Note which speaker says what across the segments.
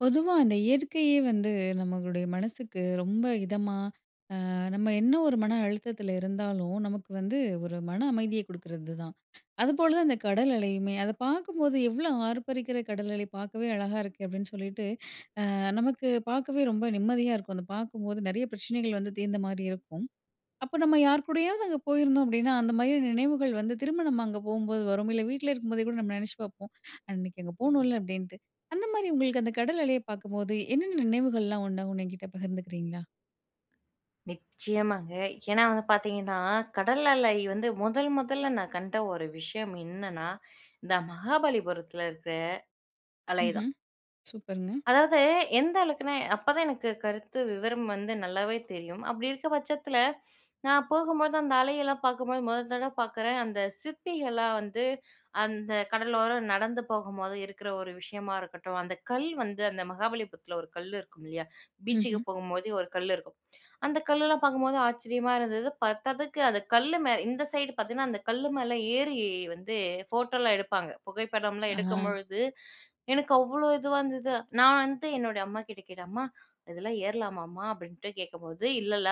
Speaker 1: பொதுவா, அந்த இயற்கையே வந்து நம்பளுடைய மனசுக்கு ரொம்ப இதமா, ஆ நம்ப என்ன ஒரு மன அழுத்தத்துல இருந்தாலும், நமக்கு வந்து ஒரு மன அமைதிய குடுக்குறது தான், அதுபோல தான் அந்த கடல் அலையுமே. அதை பாக்கும்போது எவ்வளோ ஆர்ப்பரிக்கிற கடல் அலை பாக்கவே அழகா இருக்கு அப்டினு சொல்லிட்டு, ஆ நமக்கு பாக்கவே ரொம்ப நிம்மதியா இருக்கும். அத பாக்கும்போது நெறைய பிரச்சனைகள் வந்து தீர்ந்த மாதிரி இருக்கும். அப்போ நம்ப யார் கூடயாவது அங்கே போயிருந்தோம் அப்படினா, அந்த மகிழும் நினைவுகள் வந்து திரும்ப நம்ப அங்க போகும்போது வரும். இல்ல, வீட்ல இருக்கும் போதே கூட நம்ப நினைச்சு பாப்போம். அன்னைக்கு நம்ப போனோல அப்டீன்டு அந்த மாதிரி உங்களுக்கு அந்த கடல் அலையை பாக்கும்போது என்னென்ன நினைவுகள் எல்லாம் வருணு என்கிட்ட பகிர்ந்துகிறீர்ங்களா?
Speaker 2: நிச்சயமாங்க. ஏன்னா வந்து பாத்தீங்கன்னா, கடல் அலை வந்து முதல் முதல நான் கண்ட ஒரு விஷயம் இன்னன்னா, இந்த மகாபலிபுரத்தில இருக்குற அலை தான்.
Speaker 1: ம்ஹம். சூப்பருங்க.
Speaker 2: அதாவது, எந்த அளவுக்குனா அப்போதான் எனக்கு கருத்து விவரம் வந்து நல்லாவே தெரியும். அப்படி இருக்க பட்சத்துல, நான் போகும்போது அந்த அலையெல்லாம் பாக்கும்போது, முதல் தடவை பார்க்குறேன். அந்த சிற்பிகள்லாம் வந்து, அந்த கடலோரம் நடந்து போகும்போது இருக்கிற ஒரு விஷயமா இருக்கட்டும், அந்த கல் வந்து, அந்த மகாபலிபுரத்துல ஒரு கல் இருக்கும் இல்லையா? பீச்சுக்கு
Speaker 1: ம்ஹம்.
Speaker 2: போகும்போது ஒரு கல் இருக்கும், அந்த கல்லெலாம் பார்க்கும்போது ஆச்சரியமா இருந்தது, பத்தாததுக்கு அது கல்லு மேல, இந்த சைட் பாத்தீங்கன்னா, அந்த கல்லு மேல ஏறி வந்து ஃபோட்டோலாம் எடுப்பாங்க. புகைப்படம்லாம்
Speaker 1: ஆஹ.
Speaker 2: எடுக்கும்பொழுது, எனக்கு அவ்வளோ இதுவா இருந்தது, நான் வந்து என்னுடைய அம்மாகிட்ட கேட்டேன், "அம்மா இதெல்லாம் ஏறலாமாம்மா" அப்படின்ட்டு கேட்கும்போது, "இல்லல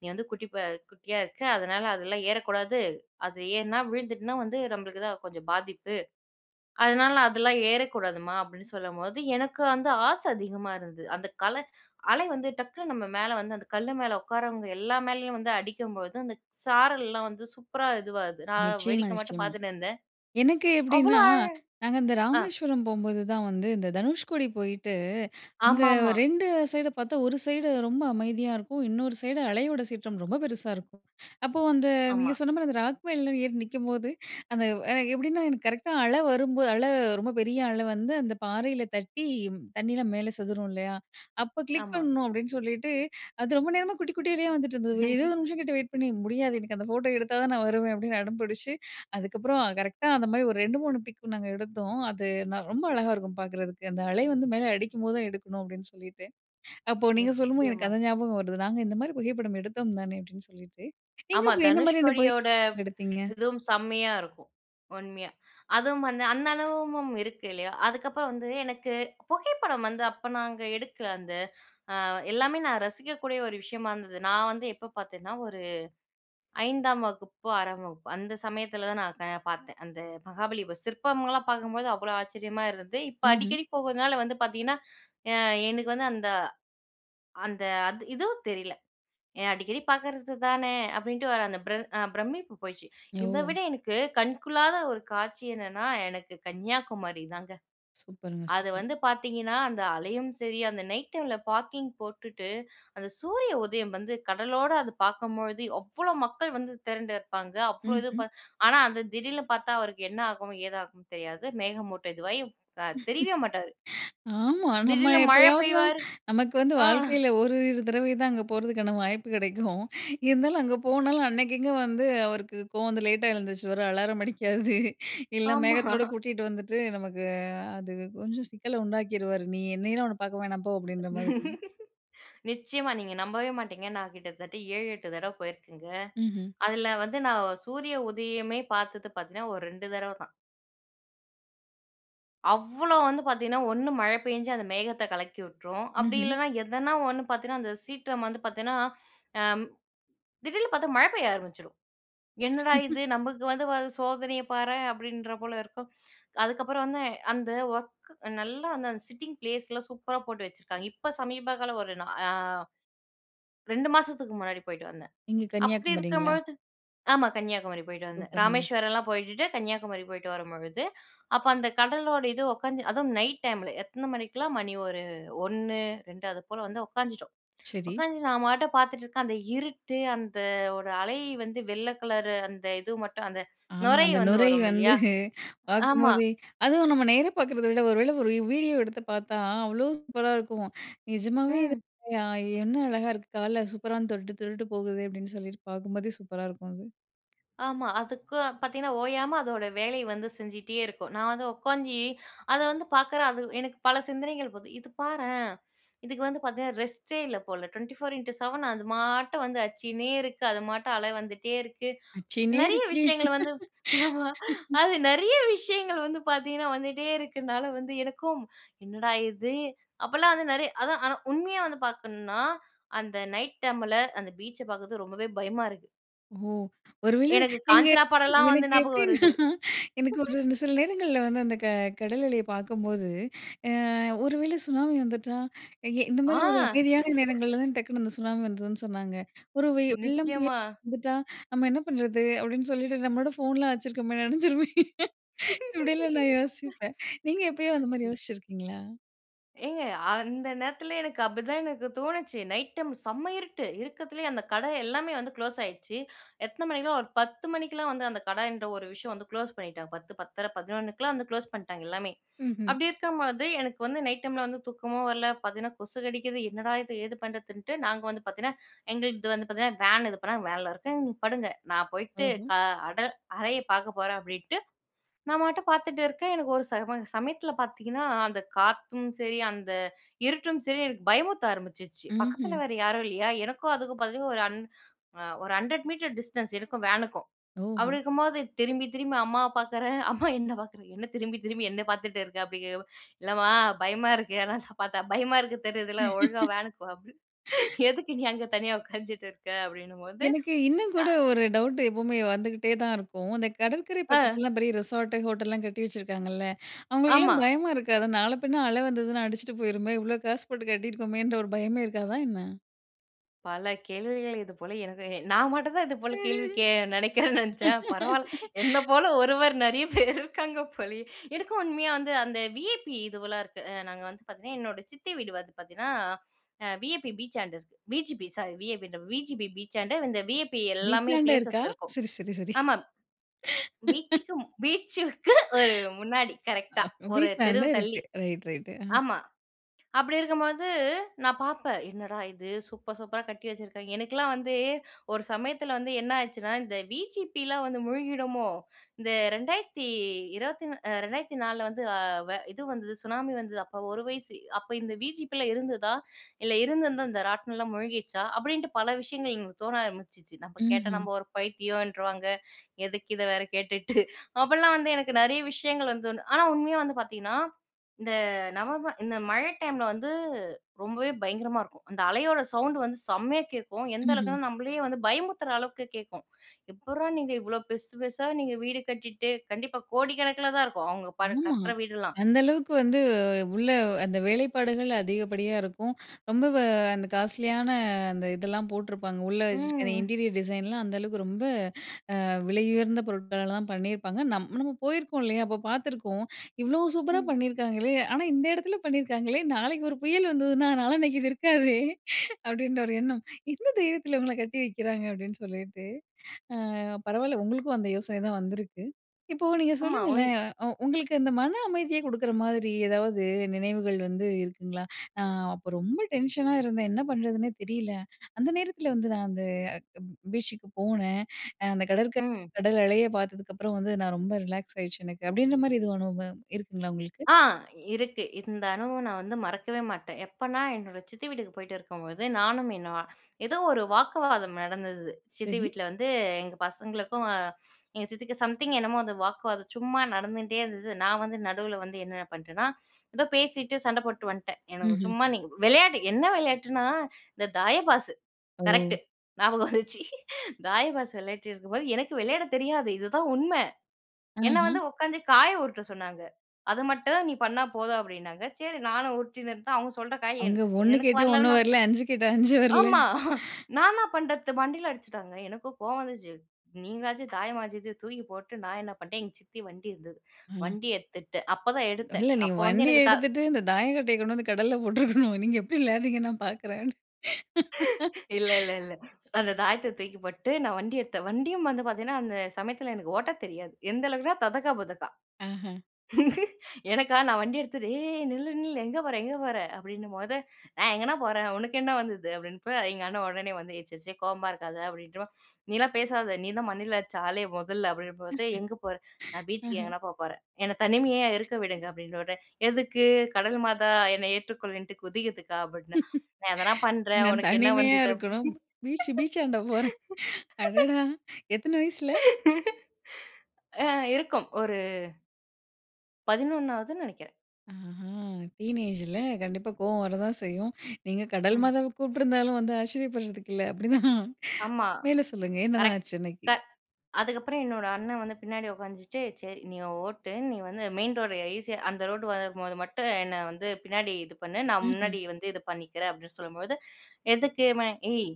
Speaker 2: நீ வந்து குட்டி அ குட்டியா இருக்க, அதனால அதெல்லாம் ஏறக்கூடாது, அது ஏறினா விழுந்துட்டுனா வந்து, நம்பளுக்கு தான் கொஞ்சம் பாதிப்பு. அதுனால அதெல்லாம் ஏறக்கூடாதும்மா" அப்படின்னு சொல்லும்போது எனக்கு வந்து ஆசை அதிகமா இருந்தது, அந்த கலை அலை வந்து டக்குனு நம்ப மேலே வந்து அந்த கல்லு மேலே உட்காரவங்க எல்லா மேலயும் வந்து அடிக்கும்போது, அந்த சாரல்லாம் வந்து சூப்பரா இதுவாகுது, நான்
Speaker 1: நிச்சயமா,
Speaker 2: வேடிக்க மட்டும்
Speaker 1: நிச்சயமா.
Speaker 2: பார்த்துட்டு இருந்தேன்,
Speaker 1: எனக்கு
Speaker 2: அவ்வளோ
Speaker 1: எப்டீன்னா,
Speaker 2: ஆழ
Speaker 1: நாங்க இந்த
Speaker 2: ஆ.
Speaker 1: ராமேஸ்வரம் போகும்போது தான் வந்து, இந்த தனுஷ்கோடி போயிட்டு, இங்க ஒரு
Speaker 2: ஆமாமா.
Speaker 1: 2 சைடு பார்த்தா, ஒரு சைடு ரொம்ப அமைதியா இருக்கும், இன்னொரு சைடு அலையோட சீற்றம் ரொம்ப பெருசா இருக்கும். அப்போ வந்து நீங்க
Speaker 2: ஆமா.
Speaker 1: சொன்ன மாதிரி அந்த ராக் மேல ஏறி நிற்கும்போது, அந்த அ எப்படின்னா எனக்கு கரெக்டா அலை வரும்போது, அலை ரொம்ப பெரிய அலை வந்து அந்த பாறையில தட்டி, தண்ணீயலாம் மேலே செதரும் இல்லையா? அப்போ கிளிக்
Speaker 2: ஆமா.
Speaker 1: பண்ணணும். அப்டீன்னு சொல்லிட்டு, "அது ரொம்ப நேரமா குட்டி குட்டிலேயே வந்துட்டு இருந்தது 20 நிமிஷம் கிட்ட வெயிட் பண்ணி முடியாது. எனக்கு அந்த ஃபோட்டோ எடுத்தா தான் நான் வருவேன்" அப்படின்னு அடம் பிடிச்சு, அதுக்கப்புறம் கரெக்ட்‌டா அந்த மாதிரி ஒரு 2, 3 பிக்கும் நாங்க எடுத்தோம், அது நான் ரொம்ப அழகா இருக்கும் பாக்கறதுக்கு. அந்த அலை வந்து மேல அடிக்கும்போது தான் எடுக்கணும். அப்டீன்னு சொல்லிட்டு, அப்போ நீங்க சொல்லும்போது எனக்கு
Speaker 2: நிச்சயமா.
Speaker 1: அந்த ஞாபகம் வருது, "நாங்க இந்த மாதிரி புகைப்படம் எடுத்தோம் தானே அப்படின்னு சொல்லிட்டு," நீங்க
Speaker 2: ஆமா.
Speaker 1: அப்போ என்ன மாதிரியான
Speaker 2: தனுஷ்கோடியோட,
Speaker 1: புகைப்படம் எடுத்தீங்க?
Speaker 2: இதுவும் செம்மையா இருக்கும் உண்மையா. அதுவும் வந்து அந்த அனுபவமும் இருக்கு இல்லையா. அதுக்கப்புறம் வந்து எனக்கு, புகைப்படம் வந்து அப்போ நாங்க எடுக்கிற அந்த, ஆ எல்லாமே நான் ரசிக்கக்கூடிய ஒரு விஷயமா இருந்தது, நான் வந்து எப்போ பார்த்தேன்னா, ஒரு 5 வகுப்பு, 6 வகுப்பு, அந்த சமயத்துல தான் நான் பாத்தேன். அந்த மகாபலி சிற்பங்கள்லாம் பாக்கும்போது அவ்வளோ ஆச்சரியமா இருந்து, இப்போ
Speaker 1: ம்ஹம்.
Speaker 2: அடிக்கடி போறதுனால வந்து பாத்திங்கன்னா, ஆ எனக்கு வந்து அந்த அந்த அது ஏதோ தெரியல, ஏ அடிக்கடி பார்க்கறது தானே, அப்படின்ட்டு வர அந்த அ பிரமிப்பு போயிடுச்சு, இதை
Speaker 1: ஓ!
Speaker 2: விட எனக்கு கண்கொள்ளாத ஒரு காட்சி என்னன்னா, எனக்கு கன்னியாகுமாரி தாங்க.
Speaker 1: சூப்பர்‌ங்க,
Speaker 2: அது
Speaker 1: சூப்பர்.
Speaker 2: வந்து பாத்தீங்கன்னா, அந்த அலையும் சரி, அந்த நைட் டைமில பார்க்கிங் போட்டுட்டு, அந்த சூரிய உதயம் வந்து கடலோடு அது பாக்கும்பொழுது, அவ்வளோ மக்கள் வந்து திரண்டு இருப்பாங்க. அவ்வளோ இது
Speaker 1: ம்ஹம்.
Speaker 2: ப ஆனா, அது "திடீர்னு பாத்தா அவருக்கு என்ன ஆகும், ஏதாகும் தெரியாது. மேகமூட்ட இதுவாயி தெரியவே மாட்டாரு.
Speaker 1: ஆமா, நம்ப
Speaker 2: திடீர்ல மழை
Speaker 1: எப்பயாவது தான்
Speaker 2: பெய்வாரு."
Speaker 1: நமக்கு வந்து
Speaker 2: ஆங்.
Speaker 1: வாழ்க்கையில ஒரு தடவை தான் அங்கே போகிறதுக்கான வாய்ப்பு கிடைக்கும். இருந்தாலும் அங்க போனாலும், அன்னைக்கு இங்கே வந்து, அவருக்கு கோவம் வந்து லேட்டா எழுந்துருச்சுருவாரு அலாரம் அடிக்காது, இல்ல
Speaker 2: ஆமா.
Speaker 1: மேகத்தோடு கூட்டிட்டு வந்துவிட்டு நமக்கு, அ அது கொஞ்சம் சிக்கலை உண்டாக்கிருவாரு, நீ என்னையெல்லாம் உன்னை பார்க்க வேணாம் போ அப்படின்ற மாதிரி.
Speaker 2: நிச்சயமா, நீங்க நம்பவே மாட்டீங்க, நான் கிட்டத்தட்ட 7, 8, தடவ போயிருக்கேங்க.
Speaker 1: ம்ஹம்.
Speaker 2: அதுல வந்து நான் சூரிய உதயமே பாத்தது பாத்தேன்னா, ஒரு 2 தடவை தான். அவ்வளோ வந்து பாத்தீங்கன்னா, 1 மழ பேஞ்சு அந்த மேகத்தக் கலக்கியுட்ரும். அப்டி
Speaker 1: ம்ஹ்ம்.
Speaker 2: இல்லன்னா, எதனா ஒண்ணு பாத்தீங்கன்னா அந்தச் சீற்றம் வந்து பாத்தென்னா அ திடீர்னு பார்த்தா மழை பெய்ய ஆரம்பிச்சுரும். "என்னடா இது? நமக்கு வந்து பாத்த சோதனையப் பாரேன்," அப்டின்ற போல இருக்கும். அதுக்கப்புறம் வந்து, அந்த ஒர்க் நல்லா அந்த அந்த சிட்டிங் பிளேஸ்லாம் சூப்பராப் போட்டு வச்சிருக்காங்க. இப்ப சமீபகால ஒரு நா அ 2 மாசத்துக்கு முன்னாடி போயிட்டு வந்தேன்.
Speaker 1: நீங்க
Speaker 2: அப்டியிருக்கும்
Speaker 1: கன்னியாகுமரிங்களா?
Speaker 2: பொழுது ஆமா கன்னியாகுமரி போயிட்டு வந்தேன்.
Speaker 1: சூப்பருங்க!
Speaker 2: ராமேஸ்வரம்லாம் போயிடுட்டு, கன்னியாகுமரி போயிட்டு வரும்பொழுது, அப்ப அந்த கடலோட இது உக்காந்து அதுவும் நைட் டைம்ல எத்தன மணிக்லாம், மணி ஒரு 1 2 அது போல வந்து உக்காந்துட்டோம்
Speaker 1: சரி.
Speaker 2: உக்காந்து நான் பாட்டுப் பார்த்துட்ருக்கேன், அந்த இருட்டு அந்த வோட அலை வந்து வெள்ள கலரு அந்த இது மட்டும் அந்த
Speaker 1: ஆமா
Speaker 2: நுரை
Speaker 1: அந்த
Speaker 2: வந்து
Speaker 1: நுரை
Speaker 2: வரும்
Speaker 1: வந்து,
Speaker 2: இல்லையா?
Speaker 1: பார்க்கும்
Speaker 2: ஆமா
Speaker 1: போதே, அதுவும் நம்ம நேரா பார்க்கிறத விட, ஒருவேள ஒரு வீடியோ எடுத்துப் பார்த்தா அவ்வளோ சூப்பரா இருக்கும். "நிஜமாவே இது
Speaker 2: ம்.
Speaker 1: உண்மையா? என்ன அழகா இருக்கு? கால்ல சூப்பரா வந்து தொட்டுட்டு தொட்டுட்டு போகுதே!" அப்டின்னு சொல்லிட்டு பார்க்கும்போதே, சூப்பரா இருக்கும் அது.
Speaker 2: ஆமா. அதுக்கு பாத்தீங்கன்னா, ஓயாம அதோட வேலை வந்து செஞ்சிட்டே இருக்கும். நான் வந்து உக்காந்து அதவந்து பார்க்குறேன் அது எனக்கு பல சிந்தனைகள் போது இது பாறேன். இதுக்கு வந்து பாத்தீங்கன்னா, ரெஸ்ட்டே இல்ல போல 24X7 அது பாட்டு வந்து அச்சினே இருக்கு. அது மாட்ட அல வந்துட்டே இருக்கு.
Speaker 1: அச்சின்னே
Speaker 2: நெறைய
Speaker 1: இருக்கு.
Speaker 2: விஷயங்கள வந்து, அது நெறைய விஷயங்கள வந்து பாத்தீங்கன்னா, வந்துட்டே இருக்குன்னால, எனக்கும் என்னடா இது? அப்டிலாம் வந்து நெறைய அதான் ஆனா உண்மையா வந்து பாக்கணும்னா, அந்த நைட் டைம்ல அந்த பீச்ச பார்க்குறதுக்கு ரொம்பவே பயமா இருக்கு.
Speaker 1: ஓ! ஒருவேள
Speaker 2: எனக்கு
Speaker 1: நீங்க,
Speaker 2: காஞ்சனா படம் எல்லாம் வந்து
Speaker 1: எனக்கு
Speaker 2: ஞாபகம்
Speaker 1: எப்டின்னா,
Speaker 2: வருது.
Speaker 1: எனக்கு ஒரு இந்த சில நேரங்கள்ல வந்து, அந்த க கடல் அலைய பாக்கும்போது, அ "ஒருவேளை சுனாமி வந்துட்டா, எங்க இந்த
Speaker 2: ஆ.
Speaker 1: மாரி ஒரு அமைதியான நேரங்கள்ல தான் டக்குனு அந்த சுனாமி வந்துதுன்னு சொன்னாங்க, ஒரு வெள்ளம், புயல்
Speaker 2: நிச்சயமா.
Speaker 1: வந்துட்டா, நம்ப என்ன பண்றது?" அப்டின்னு சொல்லிட்டு "நம்பளோட ஃபோன்லாம் வச்சுருக்கோமே நனைஞ்சிருமே" இப்படியெல்லாம் நான் யோசிப்பேன், நீங்க எப்பயோ அந்த மாரி
Speaker 2: அ ம்.
Speaker 1: யோசிச்சுருக்கீங்களா?
Speaker 2: ஏங்க அந்த நேரத்துல எனக்கு அப்டிதான் எனக்கு தோணுச்சு. நைட் டைம் செம்ம இருட்டு. இருட்டுல்லேயே அந்த கடை எல்லாமே வந்து குளோஸ் ஆயிட்ச்சு. எத்தனை மணிக்குன்னா, ஒரு 10 மணிக்கெல்லாம் வந்து அந்த கடை என்ற ஒரு விஷயம் வந்து குளோஸ் பண்ணிட்டாங்க. 10 பத்தரை, 11 வந்து குளோஸ் பண்ட்டாங்க, எல்லாமே.
Speaker 1: ம்ஹ்ம்.
Speaker 2: அப்டி இருக்கும்பொழுது எனக்கு வந்து நைட் டைம்ல வந்து தூக்கமும் வரல, பாத்தீங்கன்னா கொசு கடிக்குது. என்னடா இது? ஏது பண்றதுன்ட்டு, நாங்க வந்து பாத்தீங்கன்னா எங்களது இது வந்து பாத்தீங்கன்னா வேன் இது பண்ணாங்க. வேன்ல இருக்கேன். "நீ படுங்க, நான் போயிட்டு
Speaker 1: ஓஹோ!
Speaker 2: கா அடர் அறைய பாக்க போறேன்" அப்டின்ட்டு நான் பாட்டுக்கு பாத்துட்ருக்கேன் எனக்கு ஒரு சம சமயத்தில பாத்திங்கன்னா, அந்த காத்தும் சரி, அந்த இருட்டும் சரி எனக்கு பயமுறுத்த ஆரம்பிச்சிச்சு. பக்கத்துல
Speaker 1: ம்ஹ்ம்.
Speaker 2: வேற யாரும் இல்லையா? எனக்கும் அதுக்கும் பாத்தீங்கன்னா ஒரு அன் அ ஒரு 100 மீட்டர் டிஸ்டன்ஸ் இருக்கும். வேனுக்கும். அப்டி
Speaker 1: ஓஹோ!
Speaker 2: இருக்கும்போது திரும்பி, திரும்பி அம்மாவ பாக்குறேன். அம்மா என்னை பார்க்குறாங்க. "என்ன திரும்பி, திரும்பி என்னை பார்த்துட்ருக்க?" அப்படிங்கிறப்ப "இல்லம்மா பயமா இருக்கு, எதனாச்சு பாத்தா, பயமா இருக்கு. தெரியுதுல ஒழுங்கா வேனுக்கு வா" அப்படி. "எதுக்கு நீ அங்க தனியா உட்காந்துருக்க?" அப்டின்னும்பொழுது,
Speaker 1: எனக்கு இன்னும் கூட
Speaker 2: அ,
Speaker 1: ஒரு டவுட்டு எப்பவுமே வந்துகிட்டே தான் இருக்கும், அந்த கடல்கரை
Speaker 2: ஆ.
Speaker 1: பக்கத்துலலாம் பெரிய ரெசார்ட்டு, ஹோட்டல்லாம் கட்டி வச்சுருக்காங்கல்ல,
Speaker 2: ஆமா.
Speaker 1: அவங்களுக்கெல்லாம் பயமா இருக்காதா? நாள பின்ன அலை வந்ததுனா அடிச்சுட்டு போயிருமே, இவ்வளோ காசு போட்டு கட்டியிருக்கோமேன்ற ஒரு பயமே இருக்காதா என்ன?
Speaker 2: பல கேள்விகள் இதுபோல எனக்கு நான் மட்டும் தான் இது போல கேள்வி கே நெனைக்கிறேன் நென்ச்சேன், பரவால்ல என்ன போல ஒருவர் நெறைய பேரு இருக்காங்க போலயே! எனக்கும் உண்மையா வந்து அந்த வி.ஐ.பி இதுவெலாம் இருக்கு. அ நாங்க வந்து பாத்தீங்கன்னா, என்னோட சித்தி வீடு வந்து பாத்தீங்கன்னா, அ வி.ஐ.பி பீச்சாண்ட இருக்கு. வி.ஜி.பி சாரி விஐபின்றேன் பா வி.ஜி.பி பீச்சாண்ட, இந்த வி.ஐ.பி எல்லாமே
Speaker 1: வீட்லாண்ட
Speaker 2: ப்ளேசஸ்
Speaker 1: இருக்கா?
Speaker 2: இருக்கும்.
Speaker 1: சரி சரி சரி.
Speaker 2: ஆமா பீச்‌சுக்கும் பீச்‌சுக்கு ஒரு முன்னாடி கரெக்ட்‌டா
Speaker 1: ஆ
Speaker 2: 1
Speaker 1: வீட்லாண்ட
Speaker 2: தெருவு
Speaker 1: இருக்கு
Speaker 2: தள்ளி.
Speaker 1: ரைட் ரைட்டு அ.
Speaker 2: ஆமா அப்டி இருக்கும்பொழுது, நான் பாப்பேன் என்னடா இது? சூப்பர் சூப்பரா கட்டி வச்சிருக்காய்ங்க. எனுக்கலாம் வந்து, ஒரு சமயத்துல வந்து என்னாச்சுனா, இந்த விஜிபிலா வந்து மூழ்கிடுமோ? இந்த 2020- த்தி நா அ 2004- ல வந்து அ இது வந்துது சுனாமி வந்துது, அப்போ 1 வயசு. "அப்போ இந்த வி.ஜி.பி லாம் இருந்துதா? இல்ல இருந்திருந்தா இந்த ராட்னலாம் மூழ்கிடுச்சா?"அப்டின்ட்டு பல விஷயங்கள் எங்கள்க்கு தோண ஆரம்பிச்சுச்சு. நம்ப கேட்டா
Speaker 1: ம்ஹ்ம்.
Speaker 2: நம்ப ஒரு பைத்தியொன்றுவாங்க. எதுக்கு இத வேற கேட்டுட்டு. அப்பலாம் வந்து எனக்கு நெறைய விஷயங்கள் வந்து தோணும். ஆனா உண்மையா வந்து பாத்தீங்ன்னா, இந்த நவம்பர் இந்த மழை டைம்ல வந்து ரொம்பவே பயங்கரமா இருக்கும். அந்த அலையோட சவுண்டு வந்து செம்மையா கேக்கும். எந்த
Speaker 1: ம்ஹ்ம்.
Speaker 2: அளவுக்குன்னா, நம்பளயே வந்து பயமுறுத்ற அளவுக்கு கேக்கும். எப்புர்றா நீங்க இவ்ளோ பெர்சு பெர்சா நீங்க வீடு கட்டிட்டு? கண்டிப்பா கோடிக்கணக்குல தான் இருக்கும். அவுங்க பல
Speaker 1: ஆமா,
Speaker 2: கட்ற வீடுல்லாம்.
Speaker 1: அந்த அளவுக்கு வந்து உள்ள அந்த வேலைப்பாடுகள் அதிகப்படியா இருக்கும். ரொம்ப வ அந்த காஸ்ட்லியான அந்த இதெல்லாம் போட்ருப்பாங்க. உள்ள
Speaker 2: ம்.
Speaker 1: வச்சிருக்க அந்த
Speaker 2: ஹ்ம்.
Speaker 1: இன்டீரியர் டிசைன்லாம், அந்த அளவுக்கு ரொம்ப அ விலையுயர்ந்த பொருட்களால தான் பண்ணியிருப்பாங்க. நம் நம்ம போயிருக்கோம் இல்லயா? அப்போ பாத்துருக்கோம். இவ்ளோ சூப்பரா
Speaker 2: ம்.
Speaker 1: பண்ணிருக்காங்களே? ஆனா இந்த எடத்துல பண்ணிருக்காங்களே? நாளைக்கு ஒரு புயல் வந்துதுனா, நாளான்னைக்கி இது இருக்காதே? அப்டின்ற ஒரு எண்ணம். எந்த தைரியத்துல இவுங்கலாம் கட்டி வைக்கிறாங்க? அப்டின்னு சொல்லிட்டு. அ பரவால்ல உங்களுக்கும் அந்த யோசனை தான் வந்திருக்கு. இப்போ நீங்க
Speaker 2: ஆமா ஒன்
Speaker 1: சொல்லுங்களேன், அ உ உங்களுக்கு அந்த மன அமைதிய குடுக்குற மாதிரி ஏதாவது நினைவுகள் வந்து இருக்குங்களா? அ "அப்போ ரொம்ப டென்ஷனா இருந்தேன். என்ன பண்றதுன்னே தெரியல. அந்த நேரத்துல வந்து நான் அந்த அக் ப் பீச்சுக்கு போனேன். அந்த கடற்கரை
Speaker 2: ம்.
Speaker 1: கடல் அலைய பாத்ததுக்கப்புறம் வந்து, நான் ரொம்ப ரிலாக்ஸ் ஆயிருச்சு எனக்கு" அப்டின்ற மாரி எதுவும் அனுபவம் இருக்குங்களா? உங்களுக்கு!
Speaker 2: ஆ இருக்கு. இந்த அனுபவம் நான் வந்து மறக்கவே மாட்டேன். எப்பன்னா என்னோட சித்தி வீட்டுக்கு போய்ட்டு இருக்கும்போது, நானும் என்ன ஏதோ ஒரு வாக்குவாதம் நடந்தது. சித்தி
Speaker 1: சரி.
Speaker 2: வீட்ல வந்து எங்க பசங்களுக்கும், எங்க சித்திக்கு சம்திங் என்னமோ அந்த வாக்குவாதம் சும்மா நடந்துன்ட்டே இருந்தது. நான் வந்து நடுவ்ல வந்து என்ன நா பண்ட்டேன்னா, ஏதோ பேசிட்டு சண்ட போட்ட்டு வந்த்ட்டேன். எனக்கு
Speaker 1: ம்ஹ்ம்.
Speaker 2: சும்மா நீங்க வெளையாட்டுக் என்ன வெளையாட்டுனா? இந்த தாய பாஸு
Speaker 1: ஓ!
Speaker 2: கரெக்ட்‌டு. ஞாபகம் வந்துர்ச்சு தாயபாஸ் வெளையாடிட்டு இருக்கும்போது, எனக்கு வெளையாட தெரியாது இதுதான் உண்ம. என்ன
Speaker 1: அஹ!
Speaker 2: வந்து உக்காந்து காய உருட்ட சொன்னாங்க. அது மட்டும் நீ பண்ணா போதும் அப்டின்னாங்க. சரி நானும் உருட்டின்ட்ருந்தேன். அவுங்க சொல்ற காய் என்
Speaker 1: அங்க 1
Speaker 2: எனக்கு
Speaker 1: கேட்டா 1
Speaker 2: வரலனா
Speaker 1: வரல, 5 கேட்டா 5 வரல.
Speaker 2: ஆமா நான் என்னா என்ன பண்றது? மண்டைல அடிச்ட்டாங்க. எனக்கும் கோவம் வந்துர்ச்சு, நீங்களாச்சு, தாயமாச்சுது தூக்கி போட்டு, நான் என்ன பண்ட்டேன், எங் சித்தி வண்டி இருந்துது.
Speaker 1: ம்.
Speaker 2: வண்டி எட்த்துட்டு அப்பதான் எடுத்தேன்
Speaker 1: இல்ல நீங்க
Speaker 2: அப்ப வந்து
Speaker 1: வண்டிய
Speaker 2: எனக்கு தா
Speaker 1: எடுத்துட்டு, இந்த தாய கட்டைய கொண்டு வந்து கடல்ல போட்ருக்கனும். நீங்க எப்டி விளையாட்றீங்கன்னு நான் பாக்குறேன்ட்டு!
Speaker 2: இல்ல இல்ல இல்ல. அந்த தாயத்த தூக்கி போட்டுட்டு நான் வண்டி எட்த்தேன். வண்டியும் வந்து பாத்தீங்ன்னா, அந்த சமயத்துல எனக்கு ஓட்ட தெரியாது. எந்த அளவுக்குனா! ததக்கா புதக்கா.
Speaker 1: ஆஹ.
Speaker 2: எனக்கா நான் வண்டி எடுத்துட்டு "ஏய்! நில்லு! நில்லு! எங்க போற? எங்க போற?" அப்டின்னும்போது "நான் எங்கணா போறேன்! உனுக்கு என்னா வந்துது?" அப்டின்ப்பா, எங்க அண்ணன் ஒடனே வந்து, "ஏ சர்சரி கோவமா இருக்காத" அப்டின்ட்டு "வா" "நீலாம் பேசாத நீ தான் மண்டைல அட்ச்ச ஆளே மொதல்ல" அப்டின்னும்பொழுது "எங்க போற?" "நான் பீச்சுக்கு
Speaker 1: அஹ!
Speaker 2: எங்கனா போ போறேன், என்ன தனிமையா இருக்க விடுங்க" அப்டின்நோன்னே "எதுக்கு? கடல் மாதா என்ன ஏற்றுக்கொள்ளுன்ட்டு குதிக்கர்துக்கா?" அப்டின்ன "நான் எதனா பண்றேன்
Speaker 1: நான்
Speaker 2: ஒனக்கு என்ன
Speaker 1: தனிமையா
Speaker 2: வந்துது?" அப்டின்னு.
Speaker 1: இருக்கணும். பீச்சு பீச்சாண்ட போறேன், அடடா! எத்தன வயசில?
Speaker 2: ஆ இருக்கும் ஒரு 11னாவதுன் நெனைக்கிறேன்.
Speaker 1: அஹா! டீனேஜு ல, கண்டிப்பா கோவம் வரதான் செய்யும். நீங்க கடல்
Speaker 2: ம்.
Speaker 1: மாதாவ கூப்ட்ருந்தாலும் வந்து ஆச்சரியப்படுறதுக்கு இல்லை, அப்டிதான்.
Speaker 2: ஆமா,
Speaker 1: மேல சொல்லுங்க என்ன தான்
Speaker 2: கரெக்ட்,
Speaker 1: ஆச்சு
Speaker 2: க
Speaker 1: அன்னைக்கு?
Speaker 2: அதுக்கப்புறம் என்னோட அண்ணன் வந்து பின்னாடி உக்காஞ்சுட்டு, "சரி நீ ஓட்டு, நீ வந்து மெயின் ரோடு ஈஸியா அந்த ரோடு வரும்போது மட்டும் என்ன வந்து பின்னாடி இது பண்ணு, நான்
Speaker 1: ம்ஹ்ம்.
Speaker 2: முன்னாடி வந்து இது பண்ணிக்கிறேன்" அப்டின்னு சொல்லும்போது, எதுக்கு? மே "ஏய்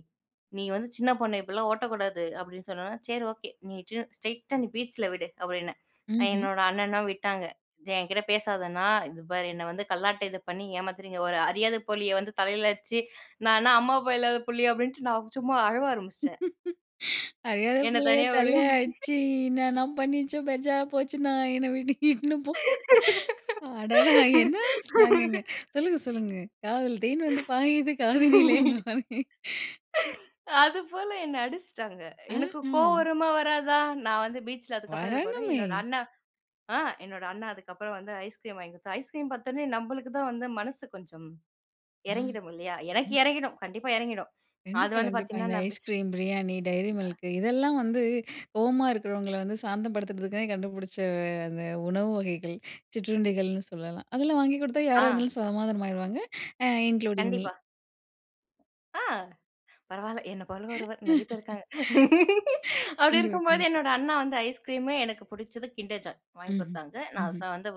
Speaker 2: நீ வந்து சின்ன பொண்ணு இப்பிட்லாம் ஓட்டக்கூடாது" அப்டின்னு சொன்னோன்ன, 'சரி ஓகே நீ டிர் ஸ்ட்ரெய்ட்டா நீ பீச்ல விடு" அப்டின்னேன். அ
Speaker 1: ம்ஹ்ம்.
Speaker 2: என்னோட அண்ணனும் விட்டாங்க, என்கிட்டே பேசாதண்ணா, "இது பார் என்னை வந்து கல்லாட்டை இது பண்ணி ஏமாத்துறீங்க, ஒரு அறியாத புள்ளிய வந்து தலைல அட்சி நான் என்ன அம்மா அப்பா இல்லாத புள்ளியா?" அப்டின்ட்டு நான் சும்மா அழுவ ஆரம்பிச்ட்டேன்.
Speaker 1: "அறியாத
Speaker 2: என்ன
Speaker 1: புள்ளைய
Speaker 2: தனியா விடுங்
Speaker 1: தல்லய அட்ச்சு, இன்னான பண்ணிச்சோ, பெஜாரா போச்சுன்னா, என்னை வீட்டு இட்னு போ" அடடா என்னா ஸ்லாங்குங்க! சொல்லுங்க, சொல்லுங்க, காதுல தேன் வந்து பாயுது காதினிலேன்ற மாரி.
Speaker 2: அதுபோல என்ன அடிச்ட்டாங்க.
Speaker 1: அ
Speaker 2: எனக்கு கோவம்
Speaker 1: ஹ.
Speaker 2: வருமா, வராதா? நான் வந்து பீச்ல அதுக்கப்புறம் இது போடுரென், என்னோட
Speaker 1: வரணுமே!
Speaker 2: அண்ணா, ஆ என்னோட அண்ணா அதுக்கப்புறம் வந்து ஐஸ்கிரீம் வாங்கி குட்த்தான். ஐஸ்கிரீம் பாத்தோன்னே நம்பளுக்கு தான் வந்து மனசு கொஞ்சம்
Speaker 1: மா
Speaker 2: எறங்கிடும் இல்லையா? எனக்கு
Speaker 1: இன்.
Speaker 2: எறங்கிடும், கண்டிப்பா எறங்கிடும், அது
Speaker 1: கண்டிப்பா,
Speaker 2: வந்து
Speaker 1: கண்டிப்பா.
Speaker 2: பாத்தீங்கன்னா
Speaker 1: இந்த
Speaker 2: நான் பீ
Speaker 1: ஐஸ் கிரீம், பிரியாணி, Dairy
Speaker 2: அ.
Speaker 1: Milk, இதெல்லாம் வந்து கோவமா இருக்குறவங்கள வந்து சாந்தம் படுத்தறதுக்காக கண்டுபுடிச்ச அ அந்த உணவு வகைகள், சிற்றுண்டிகள்ன்னு சொல்லலாம். அதெல்லாம் வாங்கி குடுத்தா
Speaker 2: ஆ.
Speaker 1: யாராருந்தாலும் சமாதானமாயிருவாங்க. அ இன்க்ளூடிங் மி.
Speaker 2: கண்டிப்பா. ஆ பரவால்ல, என்ன போல ஒருவர், நெறைய பேர் இருக்காங்க. அப்டி
Speaker 1: கண்டிப்பா,
Speaker 2: இருக்கும்பொழுது
Speaker 1: கண்டிப்பா.
Speaker 2: என்னோட அண்ணா வந்து ஐஸ் கிரீமு எனக்கு புடிச்சது kinder joy வாங்கி
Speaker 1: ம்ஹ்ம்,
Speaker 2: குட்தாங்க, நான்
Speaker 1: ம்ஹ்ம்.
Speaker 2: சா வந்து,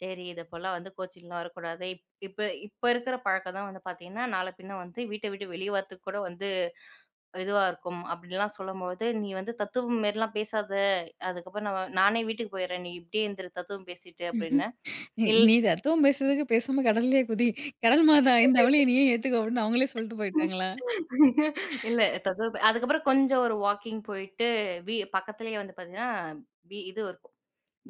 Speaker 2: "சரி இதைப்போல வந்து கோச்சின்லாம் வரக்கூடாது, இப் இப்ப இப்ப இருக்கிற பழக்கம் தான் வந்து பாத்தீங்கன்னா, நாள பின்ன வந்து வீட்டை விட்டு வெளியே வரத்துக்கு கூட வந்து இதுவா இருக்கும்" அப்டின்லாம் சொல்லம்போது, "நீ வந்து தத்துவம் மாரிலாம் பேசாத" அதுக்கப்புறம் "நான் வ நானே வீட்டுக்கு போயிர்றேன், நீ இப்டியே இருந்துரு தத்துவம் பேசிட்டு" அப்டின்னேன்.
Speaker 1: நீ
Speaker 2: இல்
Speaker 1: நீ தத்துவம் பேசுறதுக்கு பேசாம கடல்லயே குதி. "கடல் மாதா, இந்தா அவளையும் நீயே ஏத்துக்கோ" அப்டின்னு அவுங்களே சொல்ட்டு போய்ட்டாங்களா?
Speaker 2: இல்ல, தத்துவம் ப அதுக்கப்புறம் கொஞ்சம் ஒரு வாக்கிங் போயிட்டு, வீ பக்கத்லயே வந்து பாத்தீங்கன்னா, பி இது இருக்கும்.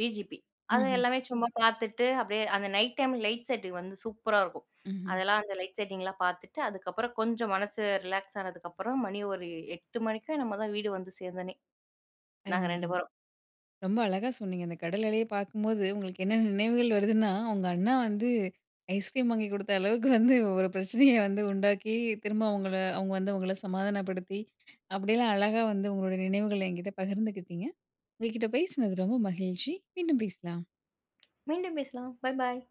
Speaker 2: விஜிபி. அதை
Speaker 1: ம்ஹ்ம்.
Speaker 2: எல்லாமே சும்மா பாத்துட்டு, அப்டியே அந்த நைட் டைம் லைட் செட்டுக்கு வந்து சூப்பரா இருக்கும்.
Speaker 1: ம்ஹ்ம்.
Speaker 2: அதெல்லாம் அந்த லைட் செட்டிங்லாம் பாத்துட்டு, அதுக்கப்புறம் கொஞ்சம் மனசு ரிலாக்ஸ் ஆனதுக்கப்புறம் மணி ஒரு 8 மணிக்கோ என்னமோ தான் வீடு வந்து சேந்தனே நாங்க
Speaker 1: அருமை!
Speaker 2: 2
Speaker 1: அருமை!
Speaker 2: பேரும்.
Speaker 1: ரொம்ப அழகா சொன்னீங்க. அந்த கடல் அலைய பாக்கும்போது, உங்களுக்கு என்ன நினைவுகள் வருதுன்னா, உங்க அண்ணா வந்து ஐஸ்கிரீம் வாங்கி குடுத்த அளவுக்கு வந்து ஒரு பிரச்சனைய வந்து உண்டாக்கி, திரும்ப அவுங்கள அவுங்க வந்து உங்கள சமாதானப்படுத்தி, அப்டிலாம் அழகா வந்து உங்களுடைய நினைவுகள எங்கிட்ட பகிர்ந்துக்கிட்டிங்க. உங்க கிட்ட பேசினது ரொம்ப மகிழ்ச்சி! மீண்டும் பேசலாம்.
Speaker 2: மீண்டும் பேசலாம். பாய்! பாய்!